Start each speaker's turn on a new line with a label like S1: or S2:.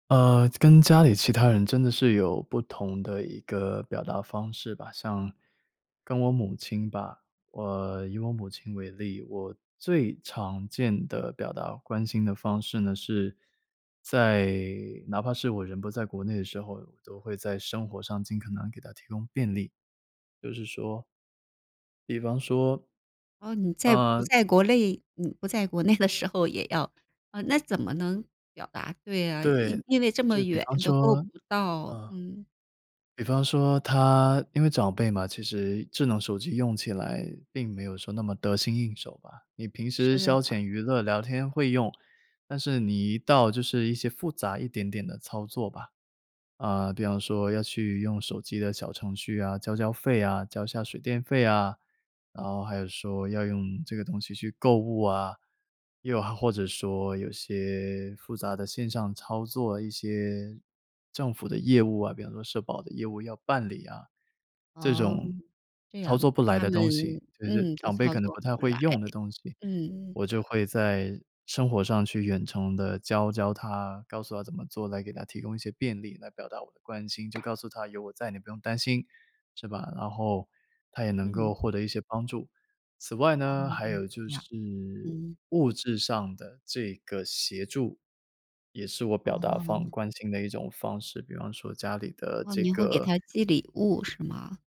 S1: 呃，跟家里其他人真的是有不同的一个表达方式吧。像跟我母亲吧，我以我母亲为例，我最常见的表达关心的方式呢，是在哪怕是我人不在国内的时候，我都会在生活上尽可能给她提供便利，就是说比方说
S2: 哦，你在不
S1: 呃。
S2: 在国内你不在国内的时候也要啊，那怎么能表达？对啊，
S1: 对，
S2: 因因为这么
S1: 就比
S2: 远
S1: 方
S2: 都够不
S1: 说
S2: 到。
S1: 嗯，
S2: 嗯。
S1: 比方说她因为长辈嘛，其实智能手机用起来并没有说那么得心应手吧。你平时
S2: 是
S1: 消
S2: 啊。
S1: 遣娱乐聊天会用，但是你一到就是一些复杂一点点的操作吧，呃，比方说要去用手机的小程序啊，交交费啊，交一下水电费啊，然后还有说要用这个东西去购物啊，又或者说有些复杂的线上操作、一些政府的业务啊，比方说社保的业务要办理啊。这
S2: 哦，
S1: 种
S2: 这
S1: 操
S2: 样。
S1: 作不
S2: 跟
S1: 来
S2: 他
S1: 的
S2: 们
S1: 东西，就就是
S2: 嗯，都
S1: 长辈
S2: 操
S1: 可能
S2: 作
S1: 不太
S2: 不
S1: 会
S2: 来，
S1: 用的东西，
S2: 嗯。
S1: 我就会在生活上去远程地教教她，告诉她怎么做，来给她提供一些便利来表达我的关心，就告诉她有我在，你不用担心，是吧？然后她也能
S2: 嗯。
S1: 够获得一些帮助。此外呢，
S2: 嗯
S1: 还
S2: 嗯，
S1: 有就
S2: 诶呀，
S1: 是
S2: 嗯。
S1: 物质上的这个协助，也是我表达方
S2: 哦。
S1: 关心的一种方式，比方说家里的
S2: 哦，
S1: 这
S2: 你会给
S1: 个
S2: 她寄礼物是吗？